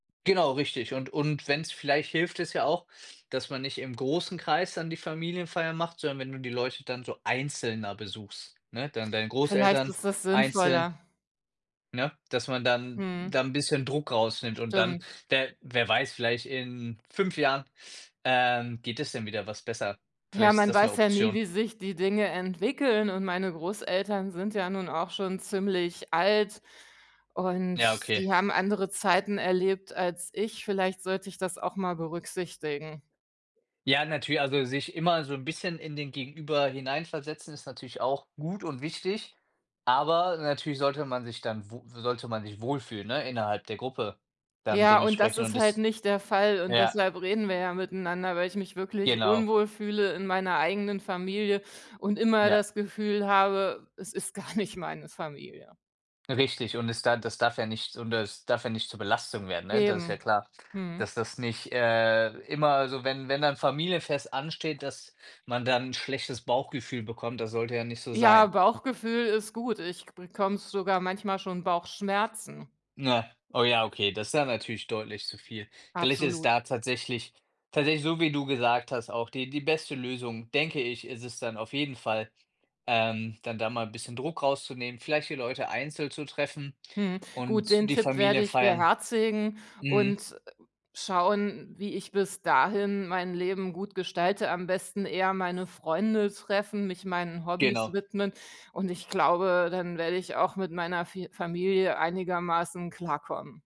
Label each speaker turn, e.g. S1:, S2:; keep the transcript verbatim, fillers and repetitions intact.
S1: Genau, richtig und und wenn's vielleicht hilft es ja auch, dass man nicht im großen Kreis dann die Familienfeiern macht, sondern wenn du die Leute dann so einzelner besuchst, ne, dann deine
S2: Vielleicht
S1: Großeltern
S2: ist das
S1: einzeln,
S2: sinnvoller.
S1: ne? Dass man dann da
S2: Mhm.
S1: 'n bisschen Druck rausnimmt und dann
S2: Stimmt.
S1: wer -wer weiß, vielleicht in fünf Jahren, ähm, geht es dann wieder etwas besser.
S2: Ja,
S1: Vielleicht ist
S2: man
S1: das 'ne
S2: weiß ja nie,
S1: Option.
S2: wie sich die Dinge entwickeln und meine Großeltern sind ja nun auch schon ziemlich alt und
S1: Ja, okay.
S2: die haben andere Zeiten erlebt als ich. Vielleicht sollte ich das auch mal berücksichtigen.
S1: Ja, natü also sich immer so 'n bisschen in den Gegenüber hineinversetzen ist natürlich auch gut und wichtig, aber natürlich sollte man sich dann wo sollte man sich wohlfühlen, ne, innerhalb der Gruppe dann
S2: Ja, und das
S1: dementsprechend
S2: ist
S1: und
S2: halt
S1: das
S2: nicht der Fall und
S1: ja.
S2: deshalb reden wir ja miteinander, weil ich mich wirklich
S1: Genau.
S2: unwohl fühle in meiner eigenen Familie und immer
S1: Ja.
S2: das Gefühl habe, es ist gar nicht meine Familie.
S1: Richtig, und es da das darf ja nicht und das darf ja nicht zur Belastung werden, ne, das ist ja
S2: Eben.
S1: klar,
S2: Mhm.
S1: dass das nicht, äh, immer also, wenn wenn dann 'n Familienfest ansteht, dass man dann 'n schlechtes Bauchgefühl bekommt, das sollte ja nicht so
S2: Ja,
S1: sein.
S2: Bauchgefühl ist gut, ich bekomme sogar manchmal schon Bauchschmerzen.
S1: Ne, oh ja, okay, das ist ja natürlich deutlich zu viel. Vielleicht ist es
S2: Absolut.
S1: da tatsächlich tatsächlich so, wie du gesagt hast auch die die beste Lösung, denke ich, ist es dann auf jeden Fall, ähm, dann da mal 'n bisschen Druck rauszunehmen, vielleicht die Leute einzeln zu treffen
S2: Mhm, gut, den
S1: und die
S2: Tipp werde ich
S1: Familiefeiern
S2: beherzigen
S1: mhm.
S2: und, äh, schauen, wie ich bis dahin mein Leben gut gestalte am besten eher meine Freunde treffen, mich meinen Hobbys
S1: Genau.
S2: widmen und ich glaube, dann werde ich auch mit meiner Fi Familie einigermaßen klarkommen.